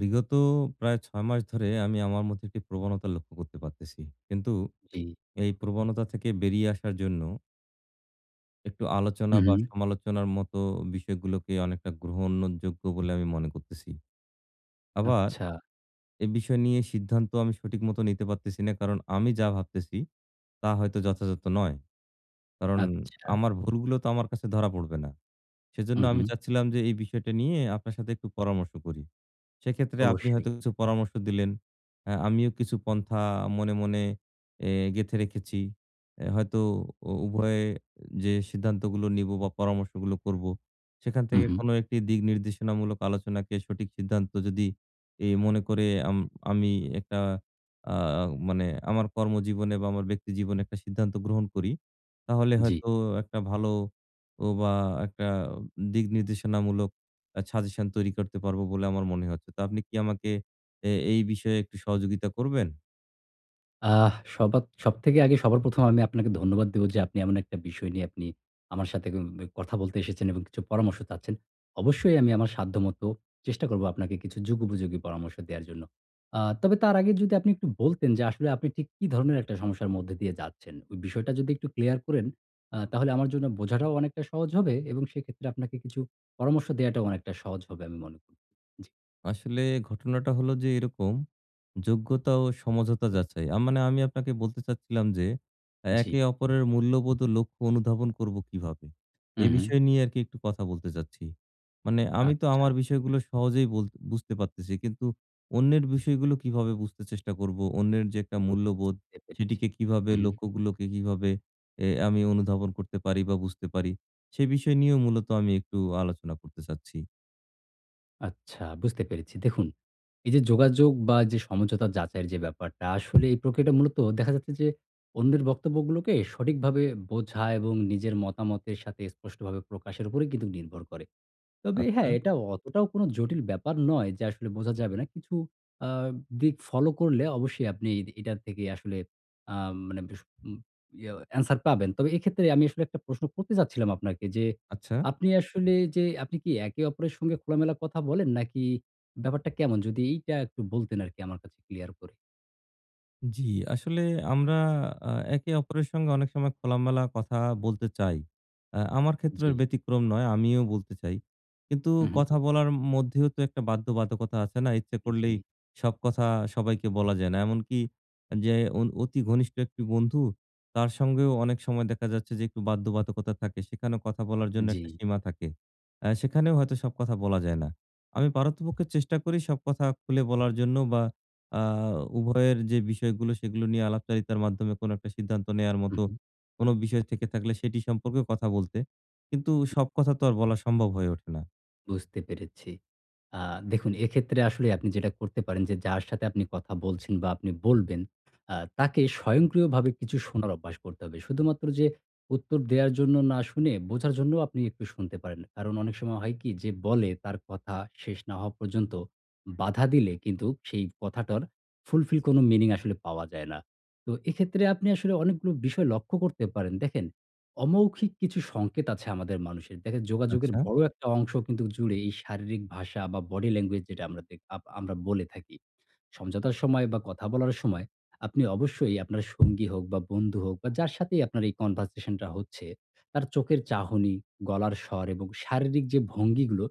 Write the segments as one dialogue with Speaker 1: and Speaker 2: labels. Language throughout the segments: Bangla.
Speaker 1: বিগত প্রায় ৬ মাস ধরে আমি আমার মধ্যে একটি প্রবণতা লক্ষ্য করতে পারতেছি। কিন্তু
Speaker 2: জি।
Speaker 1: এই প্রবণতা থেকে বেরিয়ে আসার জন্য একটু আলোচনা
Speaker 2: হু,
Speaker 1: বা
Speaker 2: হু।
Speaker 1: সমালোচনার মত বিষয়গুলোকে অনেকটা গ্রহণযোগ্য বলে আমি মনে করতেছি। আবার
Speaker 2: আচ্ছা।
Speaker 1: এ বিষয় নিয়ে সিদ্ধান্ত আমি সঠিক মত নিতে পারতেছি না কারণ, আমি যা ভাবতেছি, তা হয়তো যথাযথ নয়। কারণ,
Speaker 2: আচ্ছা।
Speaker 1: আমার ভুলগুলো তো আমার কাছে ধরা পড়বে না। সেজন্য
Speaker 2: হুম,
Speaker 1: আমি
Speaker 2: হুম।
Speaker 1: চাচ্ছিলাম যে, এই বিষয়টা নিয়ে আপনার সাথে একটু পরামর্শ করি। সেক্ষেত্রে আপনি
Speaker 2: অবশ্যই।
Speaker 1: হয়তো কিছু পরামর্শ দিলেন। অ্যা আমিও কিছু পন্থা মনে, মনে অ্যা গেঁথে রেখেছি। অ্যা হয়তো উ উভয়ে যে সিদ্ধান্তগুলো নিব বা পরামর্শগুলো করবো সেখান
Speaker 2: হু,
Speaker 1: থেকে
Speaker 2: হু।
Speaker 1: কোন একটি দিক নির্দেশনামূলক আলোচনাকে সঠিক সিদ্ধান্ত যদি এ মনে করে আম আমি একটা আও মানে আমার কর্মজীবনে বা আমার ব্যক্তি জীবনে একটা সিদ্ধান্ত গ্রহণ করি, তাহলে
Speaker 2: জি।
Speaker 1: হয়তো একটা ভালো ও বা একটা দিক নির্দেশনামূলক আ সাজেশন তৈরি করতে পারবো বলে আমার মনে হচ্ছে। তো আপনি কি আমাকে এ এই বিষয়ে একটু সহযোগিতা করবেন?
Speaker 2: আহ! সবাত সবথেকে আগে, সবার ১ম এ আমি আপনাকে ধন্যবাদ দেব, যে আপনি এমন একটা বিষয় নিয়ে আপনি আমার সাথে [unintelligible] কথা বলতে এসেছেন এবং কিছু পরামর্শ চাচ্ছেন। অবশ্যই আমি আমার সাধ্যমত চেষ্টা করব আপনাকে কিছু যুগোপযোগী পরামর্শ দেওয়ার জন্য। আ তবে তার আগে, যদি আপনি একটু বলতেন, যে আসলে আপনি ঠিক কী ধরণের একটা সমস্যার মধ্যে দিয়ে যাচ্ছেন? ওই বিষয়টা যদি একটু ক্লিয়ার করেন, আ তাহলে আমার জন্য বোঝাটাও অনেকটা সহজ হবে এবং সেক্ষেত্রে আপনাকে কিছু পরামর্শ দেওয়াটাও অনেকটা সহজ হবে, আমি মনে কর জি।
Speaker 1: আসলে ঘটনাটা হলো যে এরকম, যোগ্যতা ও সমঝোতা যাচাই। আ মানে আমি আপনাকে বলতে চাচ্ছিলাম যে,
Speaker 2: জি।
Speaker 1: একে অপরের মূল্যবোধ ও লক্ষ্য অনুধাবন করব কিভাবে?
Speaker 2: হু,
Speaker 1: এই
Speaker 2: হু।
Speaker 1: বিষয় নিয়ে আরকি একটু কথা বলতে চাচ্ছি। মানে আমি তো
Speaker 2: আচ্ছা।
Speaker 1: আমার বিষয়গুলো সহজেই বল বুঝতে পারতেছি, কিন্তু অন্যের বিষয়গুলো কিভাবে বুঝতে চেষ্টা করব? অন্যের যে একটা মূল্যবোধ,
Speaker 2: বুঝতে পেরেছি,
Speaker 1: সেটিকে কিভাবে,
Speaker 2: উম-হুম।
Speaker 1: লক্ষ্যগুলোকে কিভাবে অ্যা আমি অনুধাবন করতে পারি বা বুঝতে পারি? সে বিষয় নিয়েও মূলত আমি একটু আলোচনা করতে চাচ্ছি।
Speaker 2: আচ্ছা, বুঝতে পেরেছি। দেখুন, এই যে যোগাযোগ বা যে সমঝোতা যাচাইয়ের যে ব্যাপারটা, আসলে এই প্রক্রিয়াটা মূলত দেখা যাচ্ছে যে অন্যের বক্তব্যগুলোকে সঠিকভাবে বোঝা এবং নিজের মতামতের সাথে স্পষ্টভাবে প্রকাশের উপরেই কিন্তু নির্ভর করে। তবে
Speaker 1: আচ্ছা!
Speaker 2: হ্যাঁ, এটা অতটাও কোন জটিল ব্যাপার নয়, যে আসলে বোঝা যাবে না। কিছু আ দিক ফলো করলে অবশ্যই আপনি এদি এটার থেকে আসলে আ মানে ভিস উম ইয়ে অ্যানসার পাবেন। তবে এক্ষেত্রে আমি আসলে একটা প্রশ্ন করতে চাচ্ছিলাম আপনাকে যে,
Speaker 1: আচ্ছা।
Speaker 2: আপনি আসলে যে আপনি কি একে-অপরের সঙ্গে খোলামেলা কথা বলেন, নাকি ব্যাপারটা কেমন? যদি এইটা একটু বলতেন আরকি আমার কাছে ক্লিয়ার করে।
Speaker 1: জি, আসলে আমরা আ একে অপরের সঙ্গে অনেক সময় খোলামেলা কথা বলতে চাই। অ্যা আমার ক্ষেত্রে এর
Speaker 2: জি।
Speaker 1: ব্যতিক্রম নয়, আমিও বলতে চাই। কিন্তু
Speaker 2: হু, হু।
Speaker 1: কথা বলার মধ্যেও তো একটা বাধ্যবাধকতা আছে না? ইচ্ছে করলেই
Speaker 2: জি।
Speaker 1: সব কথা সবাইকে বলা যায় না। এমনকি যে অন অতি ঘনিষ্ঠ একটি বন্ধু তার সঙ্গেও অনেক সময় দেখা যাচ্ছে যে একটু বাধ্যবাধকতা থাকে। সেখানেও কথা বলার জন্য একটা
Speaker 2: জি।
Speaker 1: সীমা থাকে। অ্যা সেখানেও হয়তো সব কথা বলা যায় না। আমি পারতপক্ষে চেষ্টা করি সব কথা খুলে বলার জন্য বা আ উভয়ের যে বিষয়গুলো সেগুলো নিয়ে আলাপচারিতার মাধ্যমে কোনো একটা সিদ্ধান্ত নেয়ার
Speaker 2: হু,
Speaker 1: মতো
Speaker 2: হু।
Speaker 1: কোনো বিষয় থেকে থাকলে সেটি সম্পর্কে কথা বলতে। কিন্তু সব কথা তো আর বলা সম্ভব হয়ে ওঠে না।
Speaker 2: বুঝতে পেরেছি। আ দেখুন এক্ষেত্রে আসলে আপনি যেটা করতে পারেন যে, যার সাথে আপনি কথা বলছেন বা আপনি বলবেন, আ তাকে স্বয়ংক্রিয়ভাবে কিছু শোনার অভ্যাস করতে হবে। শুধুমাত্র যে উত্তর দেওয়ার জন্য না শুনে, বোঝার জন্যও আপনি একটু শুনতে পারেন। কারণ অনেক সময় হয় কি, যে বলে তার কথা শেষ না হওয়া পর্যন্ত বাধা দিলে কিন্তু সেই কথাটার fulfill কোনো meaning আসলে পাওয়া যায় না। তো এক্ষেত্রে আপনি আসলে অনেকগুলো বিষয় লক্ষ্য করতে পারেন। দেখেন, অমৌখিক কিছু সংকেত আছে আমাদের মানুষের। দেখেন যোগাযোগের
Speaker 1: আচ্ছা।
Speaker 2: বড় একটা অংশ কিন্তু জুড়ে এই শারীরিক ভাষা বা body language যেটা আমরা দে আপ আমরা বলে থাকি। সমঝোতার সময় বা কথা বলার সময়, আপনি অবশ্যই আপনার সঙ্গী হোক বা বন্ধু হোক বা যার সাথেই আপনার এই conversation টা হচ্ছে, তার চোখের চাহনি, গলার স্বর এবং শারীরিক যে ভঙ্গিগুলো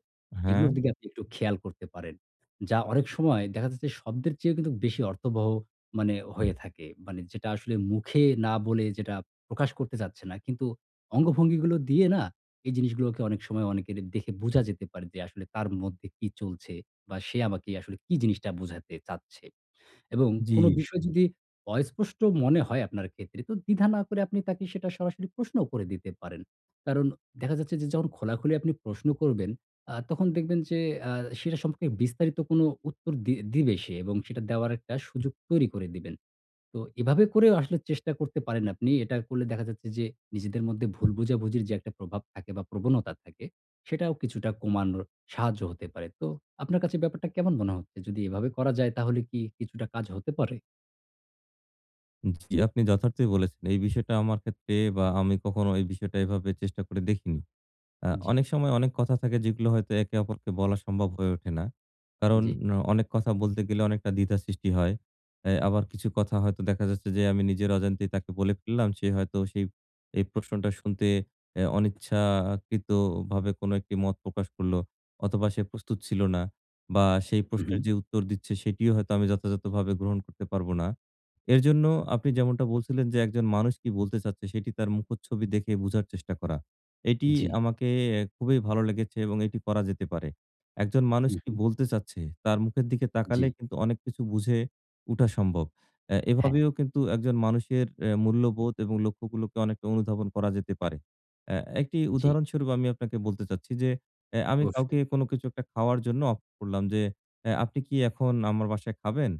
Speaker 1: হ্যাঁ।
Speaker 2: এগুলোর দিকে আপনি একটু খেয়াল করতে পারেন। যা অনেক সময় দেখা যাচ্ছে শব্দের চেয়েও কিন্তু বেশি অর্থবহ মানে হয়ে থাকে। মানে যেটা আসলে মুখে না বলে যেটা প্রকাশ করতে চাচ্ছে না। কিন্তু অঙ্গভঙ্গিগুলো দিয়ে না, এই জিনিসগুলোকে অনেক সময় অনেকের দেখে বুঝা যেতে পারে যে আসলে তার মধ্যে কি চলছে? বা সে আমাকে আসলে কী জিনিসটা বুঝাতে চাচ্ছে? এবং কোনো
Speaker 1: জি।
Speaker 2: বিষয় যদি অস্পষ্ট মনে হয় আপনার ক্ষেত্রে তো দ্বিধা না করে আপনি তাকে সেটা সরাসরি প্রশ্নও করে দিতে পারেন। কারণ দেখা যাচ্ছে যে যখন খোলাখুলি আপনি প্রশ্ন করবেন আ তখন দেখবেন যে আ সেটা সম্পর্কে বিস্তারিত কোনো উত্তর দি দিবে সে এবং সেটা দেওয়ার একটা সুযোগ তৈরি করে দিবেন। তো এভাবে করেও আসলে চেষ্টা করতে পারেন আপনি। এটা করলে দেখা যাচ্ছে যে নিজেদের মধ্যে ভুল বোঝাবুঝির যে একটা প্রভাব থাকে বা প্রবণতা থাকে সেটাও কিছুটা কমানোর সাহায্য হতে পারে। তো আপনার কাছে ব্যাপারটা কেমন মনে হচ্ছে? যদি এভাবে করা যায় তাহলে কি কিছুটা কাজ হতে পারে?
Speaker 1: উম জি আপনি যথার্থই বলেছেন। এই বিষয়টা আমার ক্ষেত্রে বা, আমি কখনো এই বিষয়টা এভাবে চেষ্টা করে দেখিনি। আ
Speaker 2: উম জি।
Speaker 1: অনেক সময় অনেক কথা থাকে, যেগুলো হয়তো একে অপরকে বলা সম্ভব হয়ে ওঠে না। কারণ,
Speaker 2: জি।
Speaker 1: অনেক কথা বলতে গেলে অনেকটা দ্বিধা সৃষ্টি হয়। এ আবার কিছু কথা হয়তো দেখা যাচ্ছে যে, আমি নিজের অজান্তেই তাকে বলে ফেললাম, সে হয়তো সেই এই প্রশ্নটা শুনতে এ অনিচ্ছাকৃতভাবে কোনো একটি মত প্রকাশ করলো অথবা, সে প্রস্তুত ছিল না বা, সেই
Speaker 2: হুম,
Speaker 1: প্রশ্নের
Speaker 2: হুম।
Speaker 1: যে উত্তর দিচ্ছে, সেটিও হয়তো আমি যথাযথভাবে গ্রহণ করতে পারবো না। এরজন্য আপনি যেমনটা বলছিলেন যে, একজন মানুষ কী বলতে চাচ্ছে, সেটি তার মুখচ্ছবি দেখে বোঝার চেষ্টা করা। এটি
Speaker 2: জি।
Speaker 1: আমাকে এ খুবই ভালো লেগেছে এবং এটি করা যেতে পারে। একজন মানুষ
Speaker 2: হুম,
Speaker 1: কী
Speaker 2: হুম।
Speaker 1: বলতে চাচ্ছে? তার মুখের দিকে তাকালে
Speaker 2: জি।
Speaker 1: কিন্তু অনেক কিছু বুঝে উঠা সম্ভব। অ্যা
Speaker 2: হ্যাঁ।
Speaker 1: এভাবেও কিন্তু একজন মানুষের অ্যা মূল্যবোধ এবং লক্ষ্যগুলোকে অনেকটা অনুধাবন করা যেতে পারে। অ্যা একটি
Speaker 2: জি।
Speaker 1: উদাহরণস্বরূপ আমি আপনাকে বলতে চাচ্ছি যে, অ্যা আমি কাউকে
Speaker 2: অবশ্যই।
Speaker 1: কোন কিছু একটা খাওয়ার জন্য অফ করলাম যে, "এ আপনি কী এখন আমার বাসায় খাবেন?"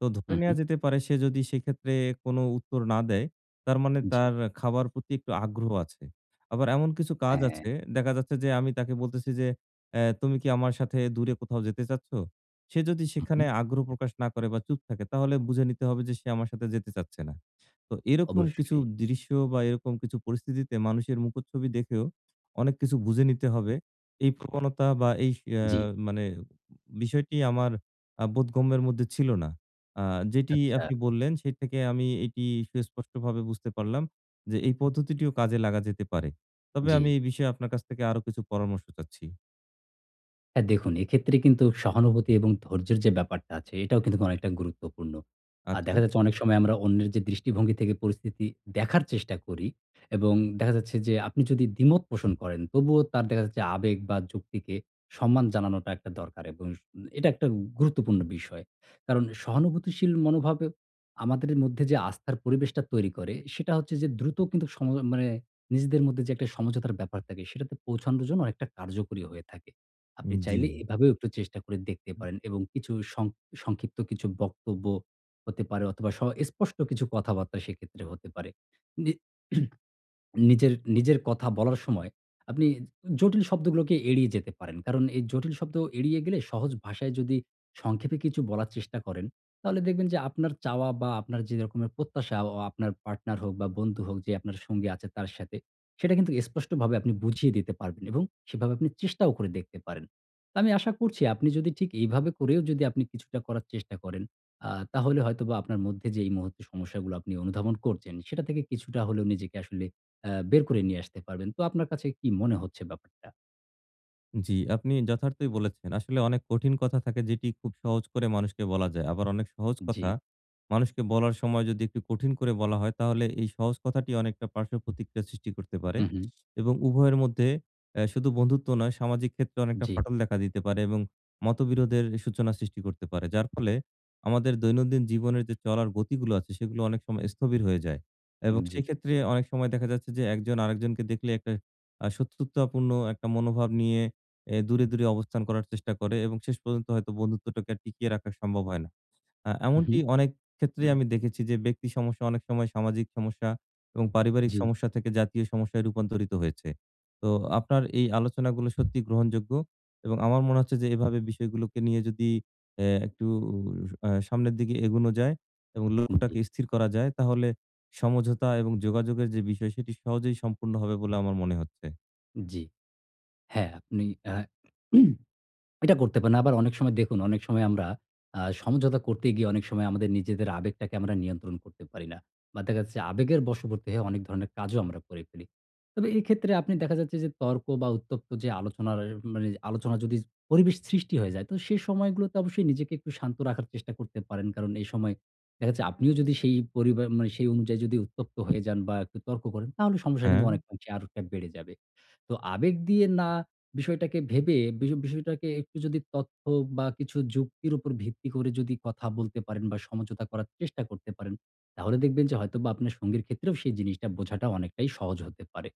Speaker 1: তো ধরে
Speaker 2: হুম,
Speaker 1: নেয়া
Speaker 2: হুম।
Speaker 1: যেতে পারে সে যদি সেক্ষেত্রে কোন উত্তর না দেয়, তার মানে
Speaker 2: জি।
Speaker 1: তার খাবার প্রতি একটু আগ্রহ আছে। আবার এমন কিছু কাজ
Speaker 2: হ্যাঁ।
Speaker 1: আছে, দেখা যাচ্ছে যে আমি তাকে বলতেছি যে, "অ্যা তুমি কী আমার সাথে দূরে কোথাও যেতে চাচ্ছ?" সে যদি
Speaker 2: হুম,
Speaker 1: সেখানে
Speaker 2: হুম।
Speaker 1: আগ্রহ প্রকাশ না করে বা, চুপ থাকে, তাহলে বুঝে নিতে হবে যে সে আমার সাথে যেতে চাচ্ছে না। তো এরকম কিছু
Speaker 2: অবশ্যই।
Speaker 1: দৃশ্য বা এরকম কিছু পরিস্থিতিতে মানুষের মুখচ্ছবি দেখেও অনেক কিছু বুঝে নিতে হবে। এই প্রবণতা বা এইস অ্যা
Speaker 2: জি।
Speaker 1: মানে উম বিষয়টি আমার আ বোধগম্যের মধ্যে ছিল না। আ যেটি
Speaker 2: আচ্ছা।
Speaker 1: আপনি বললেন, সেই থেকে আমি এটি সুস্পষ্টভাবে বুঝতে পারলাম যে, এই পদ্ধতিটিও কাজে লাগা যেতে পারে। তবে আমি
Speaker 2: জি।
Speaker 1: এই বিষয়ে আপনার কাছ থেকে আরো কিছু পরামর্শ চাচ্ছি।
Speaker 2: হ্যাঁ দেখুন এক্ষেত্রে কিন্তু সহানুভূতি এবং ধৈর্যের যে ব্যাপারটা আছে এটাও কিন্তু অনেকটা গুরুত্বপূর্ণ। আর দেখা
Speaker 1: আচ্ছা।
Speaker 2: যাচ্ছে অনেক সময় আমরা অন্যের যে দৃষ্টিভঙ্গি থেকে পরিস্থিতি দেখার চেষ্টা করি এবং দেখা যাচ্ছে যে আপনি যদি দ্বিমত পোষণ করেন, তবুও তার দেখা যাচ্ছে আবেগ বা যুক্তিকে সম্মান জানানোটা একটা দরকার এবং উম এটা একটা গুরুত্বপূর্ণ বিষয়। কারণ সহানুভূতিশীল মনোভাবে আমাদেরে মধ্যে যে আস্থার পরিবেশটা তৈরি করে সেটা হচ্ছে যে দ্রুত কিন্তু সম মানে নিজেদের মধ্যে যে একটা সমঝোতার ব্যাপার থাকে, সেটাতে পৌছানোর জন্য অনেকটা কার্যকরী হয়ে থাকে। আপনি
Speaker 1: উম জি।
Speaker 2: চাইলে এভাবেও একটু চেষ্টা করে দেখতে
Speaker 1: হুম।
Speaker 2: পারেন এবং কিছু সং সংক্ষিপ্ত কিছু বক্তব্য হতে পারে অথবা স স্পষ্ট কিছু কথাবার্তা সেক্ষেত্রে হতে পারে। নি নিজের নিজের কথা বলার সময়, আপনি উ জটিল শব্দগুলোকে এড়িয়ে যেতে পারেন। কারণ এই জটিল শব্দ এড়িয়ে গেলে সহজ ভাষায় যদি সংক্ষেপে কিছু বলার চেষ্টা করেন, তাহলে দেখবেন যে আপনার চাওয়া বা আপনার যেরকমের প্রত্যাশা ও আপনার পার্টনার হোক বা বন্ধু হোক যে আপনার সঙ্গী আছে তার সাথে, সেটা কিন্তু স্পষ্টভাবে আপনি বুঝিয়ে দিতে পারবেন এবং সেভাবে আপনি চেষ্টাও করে দেখতে পারেন। তো আমি আশা করছি আপনি যদি ঠিক এইভাবে করেও যদি আপনি কিছুটা করার চেষ্টা করেন আ তাহলে হয়তোবা আপনার মধ্যে যে এই মুহূর্তে সমস্যাগুলো আপনি অনুধাবন করছেন, সেটা থেকে কিছুটা হলেও নিজেকে আসলে অ্যা বের করে নিয়ে আসতে পারবেন। তো আপনার কাছে কি মনে হচ্ছে ব্যাপারটা?
Speaker 1: জি, আপনি যথার্থই বলেছেন। আসলে অনেক কঠিন কথা থাকে যেটি খুব সহজ করে মানুষকে বলা যায়। আবার অনেক সহজ কথা,
Speaker 2: জি।
Speaker 1: মানুষকে বলার সময় যদি একটু কঠিন করে বলা হয় তাহলে এই সহজ কথাটি অনেকটা পার্শ্বপ্রতিক্রিয়া সৃষ্টি করতে পারে
Speaker 2: হু, হু।
Speaker 1: এবং উভয়ের মধ্যে অ্যা শুধু বন্ধুত্ব নয় সামাজিক ক্ষেত্রে অনেকটা
Speaker 2: জি।
Speaker 1: ফাটল দেখা দিতে পারে এবং মতবিরোধের সূচনা সৃষ্টি করতে পারে। যার ফলে আমাদের দৈনন্দিন জীবনের যে চলার গতিগুলো আছে, সেগুলো অনেক সময় স্থবির হয়ে যায় এবং
Speaker 2: উম জি।
Speaker 1: সেক্ষেত্রে অনেক সময় দেখা যাচ্ছে যে, একজন আরেকজনকে দেখলে একটা আ শত্রুতাপূর্ণ একটা মনোভাব নিয়ে অ্যা দূরে, দূরে অবস্থান করার চেষ্টা করে এবং শেষ পর্যন্ত হয়তো বন্ধুত্বটাকে আর টিকিয়ে রাখা সম্ভব হয় না। আ এমনটি
Speaker 2: উহু।
Speaker 1: অনেক ক্ষেত্রেই আমি দেখেছি যে ব্যক্তি সমস্যা অনেক সময় সামাজিক সমস্যা এবং পারিবারিক
Speaker 2: জি।
Speaker 1: সমস্যা থেকে জাতীয় সমস্যায় রূপান্তরিত হয়েছে। তো আপনার এই আলোচনাগুলো সত্যিই গ্রহণযোগ্য এবং আমার মনে হচ্ছে যে এভাবে বিষয়গুলোকে নিয়ে যদি অ্যা একটু আ সামনের দিকে এগোনো যায় এবং
Speaker 2: হু, জী।
Speaker 1: লক্ষ্যটাকে স্থির করা যায় তাহলে সমঝোতা এবং যোগাযোগের যে বিষয় সেটি সহজেই সম্পূর্ণ হবে বলে আমার মনে হচ্ছে।
Speaker 2: জি, হ্যাঁ, আপনি অ্যা এটা করতে পারেন। আবার অনেক সময় দেখুন অনেক সময় আমরা অ্যা সমঝোতা করতে গিয়ে অনেক সময় আমাদের নিজেদের আবেগটাকে আমরা নিয়ন্ত্রণ করতে পারি না। বা দেখা যাচ্ছে আবেগের বশবর্তী হয়ে অনেক ধরনের কাজও আমরা করে ফেলি। তবে এক্ষেত্রে আপনি দেখা যাচ্ছে যে, তর্ক বা উত্তপ্ত যে আলোচনার এর মানে আলোচনার যদি পরিবেশ সৃষ্টি হয়ে যায়, তো সে সময়গুলোতে অবশ্যই নিজেকে একটু শান্ত রাখার চেষ্টা করতে পারেন। কারণ এই সময় দেখাচ্ছে আপনিও যদি সেই পরিবার মানে সেই অনুযায়ী যদি উত্তপ্ত হয়ে যান বা একটু তর্ক করেন তাহলে সমস্যা কিন্তু
Speaker 1: হ্যাঁ?
Speaker 2: অনেক আংশে আরো বেড়ে যাবে। তো আবেগ দিয়ে না বিষয়টাকে ভেবে, বিষ বিষয়টাকে একটু যদি তথ্য বা কিছু যুক্তির উপর ভিত্তি করে যদি কথা বলতে পারেন বা সমঝোতা করার চেষ্টা করতে পারেন, তাহলে দেখবেন যে হয়তোবা আপনার সঙ্গীর ক্ষেত্রেও সেই জিনিসটা বোঝাটা অনেকটাই সহজ হতে পারে।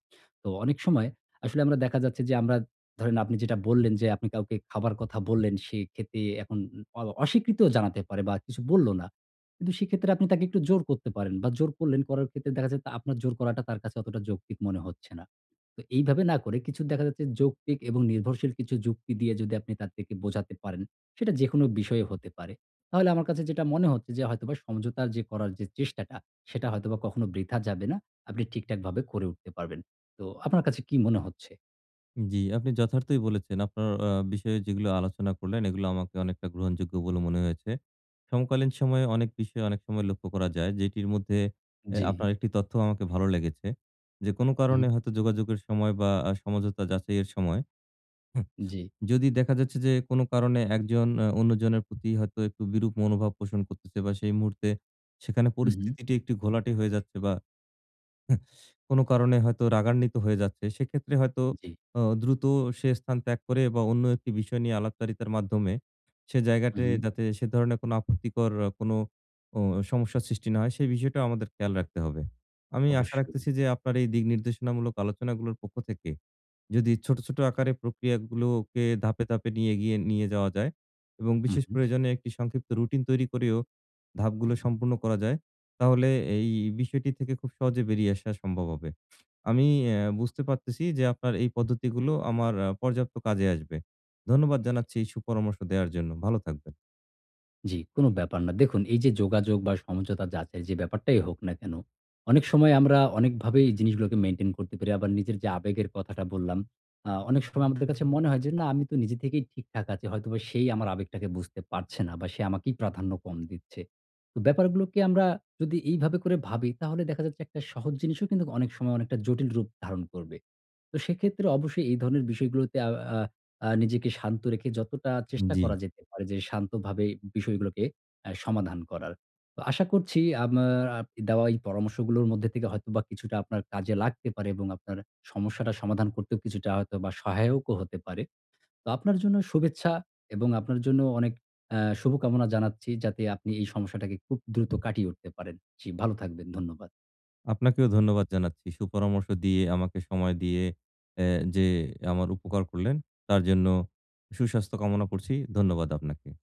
Speaker 2: তো অনেক সময় আসলে আমরা দেখা যাচ্ছে যে, আমরা ধরেন আপনি যেটা বললেন যে, আপনি কাউকে খাবার কথা বললেন সে খেতে এখন উ অ অস্বীকৃতও জানাতে পারে বা কিছু বলল না। কিন্তু সেক্ষেত্রে আপনি তাকে একটু জোর করতে পারেন। বা জোর করলেন করার ক্ষেত্রে দেখা যায় আপনার জোর করাটা তার কাছে অতটা যৌক্তিক মনে হচ্ছে না। তো এইভাবে না করে, কিছু দেখা যাচ্ছে যৌক্তিক এবং নির্ভরশীল কিছু যুক্তি দিয়ে যদি আপনি তার থেকে বোঝাতে পারেন, সেটা যেকোনো বিষয়ে হতে পারে। তাহলে আমার কাছে যেটা মনে হচ্ছে যে হয়তোবা সমঝোতার করার যে চেষ্টাটা, সেটা হয়তোবা কখনো বৃথা যাবে না। আপনি ঠিকঠাকভাবে করে উঠতে পারবেন। তো আপনার কাছে কী মনে হচ্ছে?
Speaker 1: উম জি। আপনি যথার্থই বলেছেন আপনার আ বিষয়ে যেগুলো আলোচনা করলেন, এগুলো আমাকে অনেকটা গ্রহণযোগ্য বলে মনে হয়েছে। সমকালীন সময়ে অনেক বিষয় অনেক সময় লক্ষ্য করা যায়। যেটির মধ্যে অ্যা
Speaker 2: জি।
Speaker 1: আপনার একটি তথ্য আমাকে ভালো লেগেছে। যে কোন
Speaker 2: হু, হুম।
Speaker 1: কারণে হয়তো যোগাযোগের সময় বা আ সমঝোতা যাচাইয়ের সময় হু
Speaker 2: জি।
Speaker 1: যদি দেখা যাচ্ছে যে, কোন কারণে একজন অ্যা অন্যজনের প্রতি হয়তো একটু বিরূপ মনোভাব পোষণ করতেছে ব সেই মুহূর্তে সেখানে
Speaker 2: হু, হু।
Speaker 1: পরিস্থিতিটি একটু ঘোলাটে হয়ে যাচ্ছে বা কোন কারণে হয়তো রাগান্বিত হয়ে যাচ্ছে। সেক্ষেত্রে হয়তো
Speaker 2: জি।
Speaker 1: অ দ্রুত সে স্থান ত্যাগ করে বা, অন্য একটি বিষয় নিয়ে আলাপচারিতার মাধ্যমে সে
Speaker 2: হু,
Speaker 1: জায়গাটায়
Speaker 2: হু।
Speaker 1: যাতে সে ধরণের কোন আপত্তিকর অ কোন ও সমস্যার সৃষ্টি না হয়, সে বিষয়টাও আমাদের খেয়াল রাখতে হবে। আমি আশা
Speaker 2: অবশ্যই।
Speaker 1: রাখতেছি যে, আপনার এই দিক নির্দেশনামূলক আলোচনাগুলোর পক্ষ থেকে যদি ছোট, ছোট আকারে প্রক্রিয়াগুলোকে ধাপে, ধাপে নিয়ে গিয়ে নিয়ে যাওয়া যায় এবং
Speaker 2: হু,
Speaker 1: বিশেষ
Speaker 2: হু।
Speaker 1: প্রয়োজনে একটি সংক্ষিপ্ত রুটিন তৈরি করেও, ধাপগুলো সম্পন্ন করা যায়। তাহলে এই বিষয়টি থেকে খুব সহজে বেরিয়ে আসা সম্ভব হবে। আমি অ্যা বুঝতে পারতেছি যে আপনার এই পদ্ধতিগুলো আমার অ্যা পর্যাপ্ত কাজে আসবে। ধন্যবাদ
Speaker 2: জি।
Speaker 1: জানাচ্ছি এই সুপরামর্শ দেওয়ার জন্য। ভালো থাকবেন।
Speaker 2: জি কোন ব্যাপার না। দেখুন এই যে যোগাযোগ বা সমঝোতা যাচাই যে ব্যাপারটাই হোক না কেন, অনেক সময় আমরা অনেকভাবেই এই জিনিসগুলোকে মেইনটেইন করতে পারি আবার নিজের যে আবেগের কথাটা বললাম আ অনেক সময় আমাদের কাছে মনে হয় যে, "না আমি তো নিজে থেকেই ঠিকঠাক আছি। হয়তোবা সেই আমার আবেগটাকে বুঝতে পারছে না। বা সে আমাকেই প্রাধান্য কম দিচ্ছে।" তো ব্যাপারগুলোকে আমরা যদি এইভাবে করে ভাবি, তাহলে দেখা যাচ্ছে একটা সহজ জিনিসও কিন্তু অনেক সময় অনেকটা জটিল রূপ ধারণ করবে। তো সেক্ষেত্রে অবশ্যই এই ধরনের বিষয়গুলোতে আও আ আ নিজেকে শান্ত রেখে যতটা
Speaker 1: উম
Speaker 2: চেষ্টা
Speaker 1: জি।
Speaker 2: করা যেতে পারে যে শান্তভাবে বিষয়গুলোকে অ্যা সমাধান করার। তো আশা করছি আমার আপ দেওয়া এই পরামর্শগুলোর মধ্যে থেকে হয়তোবা কিছুটা আপনার কাজে লাগতে পারে এবং আপনার সমস্যাটা সমাধান করতেও কিছুটা হয়তো বা সহায়কও হতে পারে। তো আপনার জন্য শুভেচ্ছা এবং আপনার জন্য অনেক অ্যা শুভকামনা জানাচ্ছি যাতে আপনি এই সমস্যাটাকে খুব দ্রুত কাটিয়ে উঠতে পারেন। জি, ভালো থাকবেন। ধন্যবাদ।
Speaker 1: আপনাকেও ধন্যবাদ জানাচ্ছি। সুপরামর্শ দিয়ে, আমাকে সময় দিয়ে অ্যা যে আমার উপকার করলেন, তার জন্য সুস্বাস্থ্য কামনা করছি। ধন্যবাদ আপনাকে।